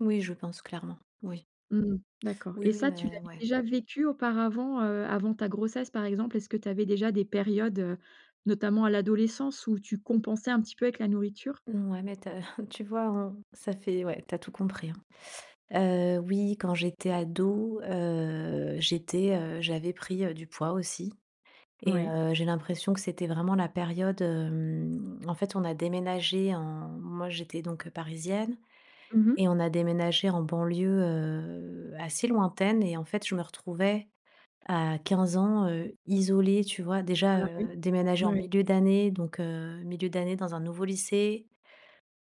Oui, je pense clairement. Oui. Mmh, d'accord, Oui, et oui, ça tu mais l'avais ouais. déjà vécu auparavant, heu, avant ta grossesse par exemple? Est-ce que tu avais déjà des périodes, heu, notamment à l'adolescence où tu compensais un petit peu avec la nourriture? Mmh, ouais, mais tu as tu vois? On ça fait ouais, tu as tout compris, hein, heu, oui, quand j'étais ado, heu, j'étais, heu, j'avais pris, heu, du poids aussi et Ouais. heu, j'ai l'impression que c'était vraiment la période. Hem, en fait, on a déménagé en moi, j'étais donc, heu, parisienne, Mmh mh. et on a déménagé en banlieue, heu, assez lointaine et en fait, je me retrouvais à 15 ans, heu, isolée, tu vois? Déjà, Ah oui, heu, déménager en mouais. milieu d'année, donc, heu, milieu d'année dans un nouveau lycée.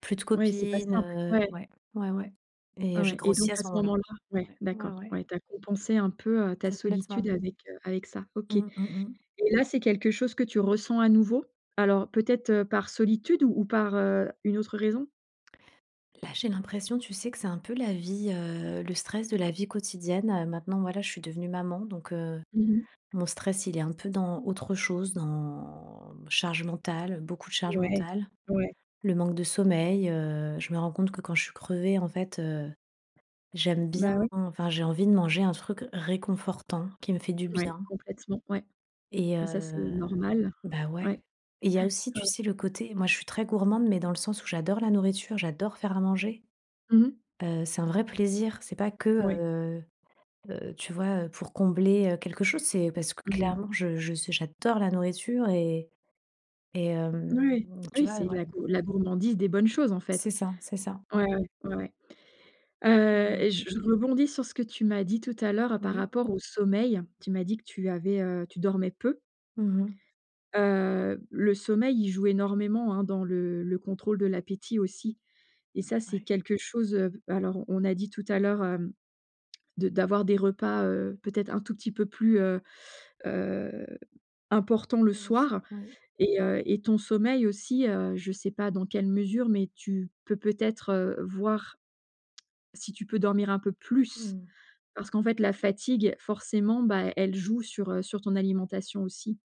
Plus de Ouais, c'est pas copines, simple, heu, ouais. ouais, ouais, ouais et j'ai Ouais et grossi donc à à ce ce moment là. moment-là ouais, Ouais, ouais, d'accord, ouais. ouais tu as compensé un peu, heu, ta solitude Complètement. avec, heu, avec ça. OK, et Mmh, mmh mh. là, c'est quelque chose que tu ressens à nouveau? Alors peut-être, heu, par solitude ou ou par, heu, une autre raison? Là, j'ai l'impression, tu sais que c'est un peu la vie, heu, le stress de la vie quotidienne, heu. Maintenant, moi là, je suis devenue maman, donc, heu, Mmh mh. mon stress, il est un peu dans autre chose. Dans charge mentale, heu, beaucoup de charge Ouais. mentale, Ouais. le manque de sommeil, heu, je me rends compte que quand je suis crevée, en fait, heu, j'aime Bah bien oui. enfin, j'ai envie de manger un truc réconfortant, qui me fait du Ouais, bien. complètement, ouais. Et Mais ça, heu, c'est normal. bah, Ouais, ouais. Il y a aussi, ouais, tu ouais. sais? Le côté, moi je suis très gourmande, mais dans le sens où j'adore la nourriture, j'adore faire à manger, Mmh mh. heu, c'est un vrai plaisir. C'est pas que, Ouais. heu heu, tu vois? Heu, pour combler, heu, quelque chose. C'est parce que Mmh mh. clairement, je je ce j'adore la nourriture et et, N hem, ouais, tu oui vois? c'est de la Ouais. gour la gourmandise des bonnes choses, en C'est fait. ça, c'est ça. Ouais, Ouais. ouais, ouais, ouais, heu, Mmh. et je je rebondis sur ce que tu m'as dit tout à l'heure par Oui. rapport au sommeil. Tu m'as dit que tu avais, heu tu dormais peu Mmh mh. heu, le sommeil, il joue énormément, hein, dans le le contrôle de l'appétit aussi et ça, c'est Ouais. quelque chose, heu, alors on a dit tout à l'heure, hem, de d'avoir des repas, heu, peut-être un tout petit peu plus, heu heu, importants le Oui, soir, oui. et heu, et ton sommeil aussi, heu, je sais pas dans quelle mesure, mais tu peux peut-être, heu, voir si tu peux dormir un peu plus? Mmh. Parce qu'en fait, la fatigue, forcément, bah, elle joue sur, heu, sur ton alimentation aussi.